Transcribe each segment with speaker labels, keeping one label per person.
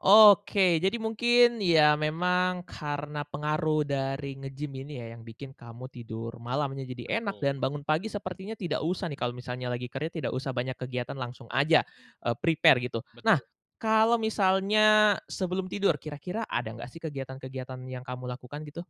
Speaker 1: Oke, jadi mungkin ya memang karena pengaruh dari nge-gym ini ya yang bikin kamu tidur malamnya jadi enak
Speaker 2: Betul.
Speaker 1: dan bangun pagi sepertinya tidak usah nih kalau misalnya lagi kerja tidak usah banyak kegiatan langsung aja, eee, prepare gitu. Nah,
Speaker 2: Betul.
Speaker 1: kalau misalnya sebelum tidur kira-kira ada nggak sih kegiatan-kegiatan yang kamu lakukan gitu?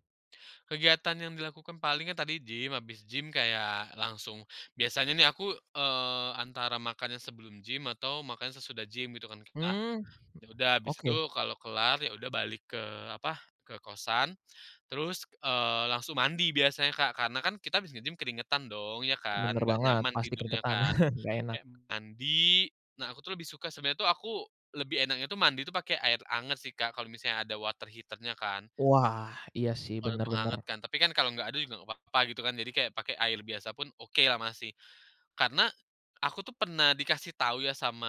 Speaker 2: Kegiatan yang dilakukan palingan tadi gym habis gym kayak langsung biasanya nih aku, eee, antara makannya sebelum gym atau makannya sesudah gym gitu kan Kak.
Speaker 1: Mmm,
Speaker 2: Ya udah habis itu
Speaker 1: oke.
Speaker 2: kalau kelar ya udah balik ke apa ke kosan, terus, eee, langsung mandi biasanya Kak karena kan kita habis nge-gym keringetan dong ya kan
Speaker 1: Bener
Speaker 2: gak
Speaker 1: banget,
Speaker 2: nyaman
Speaker 1: pasti
Speaker 2: tidurnya
Speaker 1: keringetan
Speaker 2: kan,
Speaker 1: gak enak.
Speaker 2: ya mandi. Nah, aku tuh lebih suka sebenernya tuh aku lebih enaknya tuh mandi tuh pakai air hangat sih Kak kalau misalnya ada water heater-nya kan.
Speaker 1: Wah, iya sih,
Speaker 2: Kalau
Speaker 1: bener
Speaker 2: mau
Speaker 1: bener.
Speaker 2: hangat kan tapi kan kalau nggak ada juga gak papa gitu kan jadi kayak pakai air biasa pun okelah masih. Karena, aku tuh pernah dikasih tahu ya sama,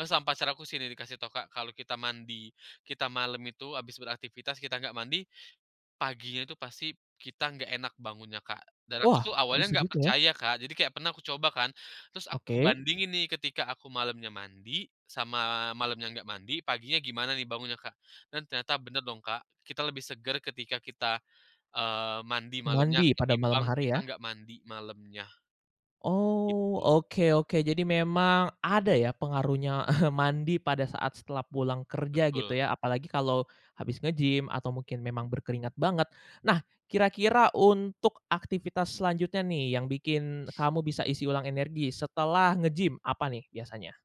Speaker 2: eee, sama pacar aku sih nih dikasih tahu Kak kalau kita mandi, kita malam itu habis beraktivitas kita nggak mandi, paginya itu pasti kita nggak enak bangunnya Kak. Dan aku
Speaker 1: Wah,
Speaker 2: tuh awalnya
Speaker 1: bisa
Speaker 2: nggak
Speaker 1: gitu ya?
Speaker 2: percaya Kak jadi kayak pernah aku coba kan terus aku
Speaker 1: Oke.
Speaker 2: bandingin nih ketika aku malamnya mandi, sama malamnya nggak mandi paginya gimana nih bangunnya Kak. Dan ternyata bener dong Kak, kita lebih seger ketika kita, eee, mandi malamnya
Speaker 1: Mandi pada malam
Speaker 2: ketimbang
Speaker 1: hari
Speaker 2: kita
Speaker 1: ya?
Speaker 2: nggak mandi malamnya.
Speaker 1: Oh,
Speaker 2: Gitu.
Speaker 1: oke oke, jadi memang ada ya pengaruhnya mandi pada saat setelah pulang kerja gitu
Speaker 2: Betul.
Speaker 1: ya apalagi kalau, habis nge-gym atau mungkin memang berkeringat banget. Nah, kira-kira untuk aktivitas selanjutnya nih yang bikin kamu bisa isi ulang energi setelah nge-gym apa nih biasanya?